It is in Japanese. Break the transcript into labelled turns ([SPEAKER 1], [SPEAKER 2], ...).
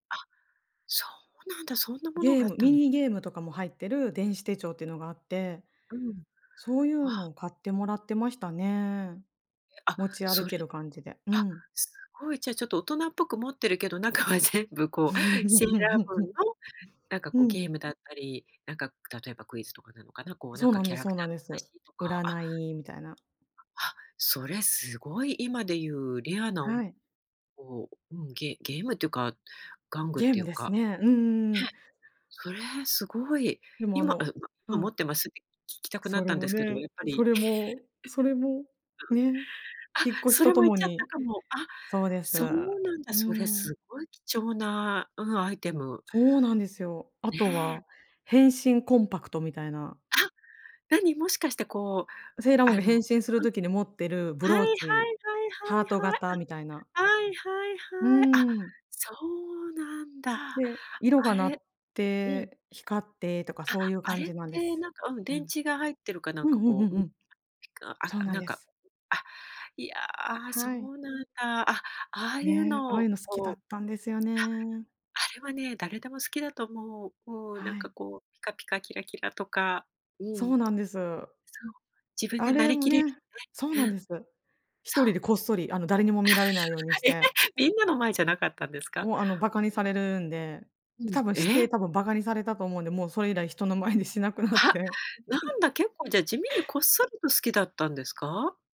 [SPEAKER 1] あ、そうなんだ、そんなもの
[SPEAKER 2] で、
[SPEAKER 1] があっ
[SPEAKER 2] む
[SPEAKER 1] た
[SPEAKER 2] ミ
[SPEAKER 1] の。
[SPEAKER 2] ニゲームとかも入ってる電子手帳っていうのがあって、
[SPEAKER 1] うん。
[SPEAKER 2] そういうの
[SPEAKER 1] あ。
[SPEAKER 2] を買ってもらってましたね。
[SPEAKER 1] あ、
[SPEAKER 2] 持ち
[SPEAKER 1] そ
[SPEAKER 2] 歩
[SPEAKER 1] れ
[SPEAKER 2] ける感じで。う
[SPEAKER 1] あ、
[SPEAKER 2] ん。
[SPEAKER 1] すごい、じゃあ、ちょっと大人っぽく持ってるけど、中は全部こうセーラームーンのなんか
[SPEAKER 2] う
[SPEAKER 1] こうゲ
[SPEAKER 2] ん。
[SPEAKER 1] ームだったり、なんか、く例えばクイズとかなのかな、こうなん
[SPEAKER 2] そう
[SPEAKER 1] か
[SPEAKER 2] なん
[SPEAKER 1] キャ
[SPEAKER 2] で
[SPEAKER 1] ラ
[SPEAKER 2] そ
[SPEAKER 1] ク
[SPEAKER 2] う
[SPEAKER 1] タ
[SPEAKER 2] なん
[SPEAKER 1] ーの
[SPEAKER 2] です。
[SPEAKER 1] 話とかあ。
[SPEAKER 2] 占いみたいな。
[SPEAKER 1] あ、それすごい今でいうレアなお
[SPEAKER 2] は
[SPEAKER 1] む
[SPEAKER 2] い。
[SPEAKER 1] こう、うん、げゲームっていうか、玩具っ
[SPEAKER 2] ゲー
[SPEAKER 1] てい
[SPEAKER 2] ム
[SPEAKER 1] う
[SPEAKER 2] です
[SPEAKER 1] か、
[SPEAKER 2] ね。うんうんう
[SPEAKER 1] うへ、
[SPEAKER 2] ん。
[SPEAKER 1] それ、すごい。
[SPEAKER 2] でも、あ
[SPEAKER 1] 今、え、
[SPEAKER 2] の
[SPEAKER 1] ま、
[SPEAKER 2] う
[SPEAKER 1] 今持
[SPEAKER 2] ん。
[SPEAKER 1] ってます？って聞きたくな
[SPEAKER 2] そ
[SPEAKER 1] っ
[SPEAKER 2] れ
[SPEAKER 1] たんで
[SPEAKER 2] も
[SPEAKER 1] すけど、
[SPEAKER 2] ね、
[SPEAKER 1] やっぱ
[SPEAKER 2] そ
[SPEAKER 1] り。
[SPEAKER 2] れも、それも、ね、
[SPEAKER 1] うん。あ、
[SPEAKER 2] 引っ越し
[SPEAKER 1] そ
[SPEAKER 2] と
[SPEAKER 1] れ
[SPEAKER 2] と
[SPEAKER 1] もいっ
[SPEAKER 2] も
[SPEAKER 1] ちゃった
[SPEAKER 2] に
[SPEAKER 1] かも。あ、
[SPEAKER 2] そうです。
[SPEAKER 1] そうなんだ、
[SPEAKER 2] う
[SPEAKER 1] それ
[SPEAKER 2] ん。
[SPEAKER 1] すごい貴重な、うん、アイテム。
[SPEAKER 2] そうなんですよ。あと
[SPEAKER 1] ね。
[SPEAKER 2] は変身コンパクトみたいな。
[SPEAKER 1] あ、何、もしかしてこう、
[SPEAKER 2] セーラームーン
[SPEAKER 1] あ
[SPEAKER 2] が
[SPEAKER 1] のうん。
[SPEAKER 2] 変身する時に持ってるブ
[SPEAKER 1] はい
[SPEAKER 2] ロ
[SPEAKER 1] は
[SPEAKER 2] ー
[SPEAKER 1] いは
[SPEAKER 2] チ、
[SPEAKER 1] い
[SPEAKER 2] ハート型
[SPEAKER 1] は
[SPEAKER 2] みたいな。
[SPEAKER 1] いはい、うん。はいはい
[SPEAKER 2] う
[SPEAKER 1] はい。あ、
[SPEAKER 2] ん。
[SPEAKER 1] そうなんだ。
[SPEAKER 2] で、色が
[SPEAKER 1] あ
[SPEAKER 2] 鳴
[SPEAKER 1] れ
[SPEAKER 2] っ
[SPEAKER 1] うん。
[SPEAKER 2] て、光ってとか
[SPEAKER 1] あ、
[SPEAKER 2] そういう
[SPEAKER 1] あ
[SPEAKER 2] 感
[SPEAKER 1] れっ
[SPEAKER 2] じなんで
[SPEAKER 1] て
[SPEAKER 2] す。
[SPEAKER 1] なんかうん、
[SPEAKER 2] う
[SPEAKER 1] 電
[SPEAKER 2] ん。
[SPEAKER 1] 池が入ってるかなん
[SPEAKER 2] うん
[SPEAKER 1] か
[SPEAKER 2] うん
[SPEAKER 1] こ
[SPEAKER 2] う
[SPEAKER 1] う
[SPEAKER 2] ん
[SPEAKER 1] う
[SPEAKER 2] う
[SPEAKER 1] ん。
[SPEAKER 2] ん。
[SPEAKER 1] ピカあ、
[SPEAKER 2] そうなん
[SPEAKER 1] なん
[SPEAKER 2] で
[SPEAKER 1] か、
[SPEAKER 2] す。
[SPEAKER 1] あ、いや、そ
[SPEAKER 2] はい。
[SPEAKER 1] うなんだ。あ、ああいう
[SPEAKER 2] ね、あ
[SPEAKER 1] の
[SPEAKER 2] あい
[SPEAKER 1] を
[SPEAKER 2] うの好きだ
[SPEAKER 1] こ
[SPEAKER 2] っ
[SPEAKER 1] う
[SPEAKER 2] たんですよ
[SPEAKER 1] あ。
[SPEAKER 2] ね。
[SPEAKER 1] あれはね、誰でも好きだと思う。もう、な
[SPEAKER 2] は
[SPEAKER 1] んか
[SPEAKER 2] い。
[SPEAKER 1] こう、ピカピカキラキラとか、う
[SPEAKER 2] そ
[SPEAKER 1] ん。
[SPEAKER 2] うなんです。
[SPEAKER 1] そう、自分
[SPEAKER 2] あ
[SPEAKER 1] でな
[SPEAKER 2] れ
[SPEAKER 1] り
[SPEAKER 2] も
[SPEAKER 1] きれる
[SPEAKER 2] ねそう
[SPEAKER 1] の
[SPEAKER 2] な
[SPEAKER 1] ね、う
[SPEAKER 2] ん
[SPEAKER 1] ん、
[SPEAKER 2] です。一
[SPEAKER 1] そ
[SPEAKER 2] 人
[SPEAKER 1] う。
[SPEAKER 2] でこっそり、あの、誰にも見られないように し
[SPEAKER 1] え、へ、
[SPEAKER 2] て。
[SPEAKER 1] みんなの前じゃなかったんですか？
[SPEAKER 2] もうあの、バカにされるんで、
[SPEAKER 1] う
[SPEAKER 2] で、
[SPEAKER 1] ん、
[SPEAKER 2] 多分して
[SPEAKER 1] え！
[SPEAKER 2] 多分バカにされたと思うんで、もうそれ以来人の前でしなくなっ
[SPEAKER 1] は、
[SPEAKER 2] て。
[SPEAKER 1] なんだ、結構じゃあ、地味にこっそりと好きだったんですか？